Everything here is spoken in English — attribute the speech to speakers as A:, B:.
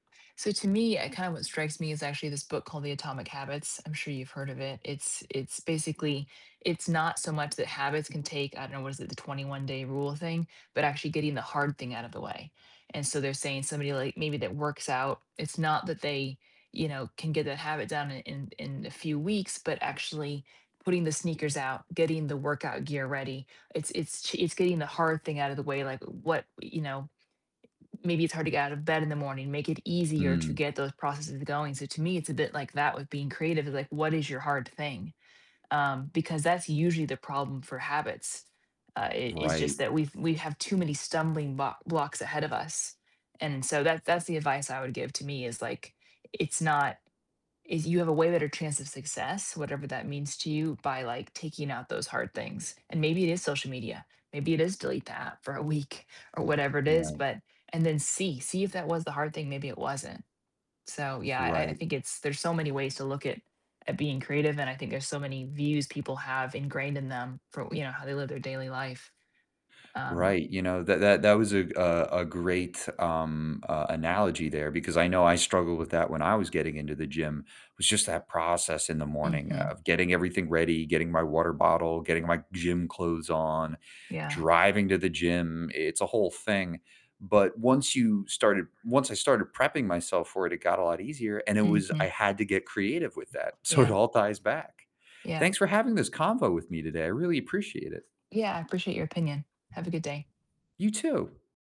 A: So to me, uh, kind of what strikes me is actually this book called "The Atomic Habits," I'm sure you've heard of it, it's it's basically it's not so much that habits can take, I don't know, what is it, the twenty-one-day rule thing, but actually getting the hard thing out of the way, and so they're saying somebody, like, maybe that works out, it's not that they, you know, can get a habit down in in in a few weeks, but actually putting the sneakers out, getting the workout gear ready, it's it's ch it's getting the hard thing out of the way, like, what, you know maybe it's hard to get out of bed in the morning, make it easier to
B: Mm.
A: get those processes going, so to me, it's a bit like that with being creative, like, what is your hard thing? Um, because that's usually the problem for habits, uh, i is
B: Right.
A: just that we've we have too many stumbling blo blocks ahead of us, and so that that's the advice I would give to me is, like, "It's not" is, "You have a way better chance of success, whatever that means to you, by, like, taking out those hard things," and maybe it is social media, maybe it is delete the app for a week or whatever it is,
B: Right.
A: but and then see, see if that was the hard thing, maybe it wasn't. So yeah, I I
B: Right.
A: think it's there's so many ways to look at at being creative and I think there's so many views people have ingrained in them for, you know, how they live their daily life. Um
B: Right, you know, that that that was a g a a great, um, uh, analogy there because I know I struggled with that when I was getting into the gym. It was just that process in the morning
A: Mhm.
B: of getting everything ready, getting my water bottle, getting my gym clothes on,
A: Yeah.
B: driving to the gym, i it's a whole thing, but once you started once I started prepping myself for it, it got a lot easier, and it was I
A: Mhm.
B: had to get creative with that, so it
A: Yeah.
B: all ties back.
A: Yeah.
B: Thanks for having this convo with me today, I really appreciate it.
A: Yeah, I appreciate your opinion. Have a good day
B: You too.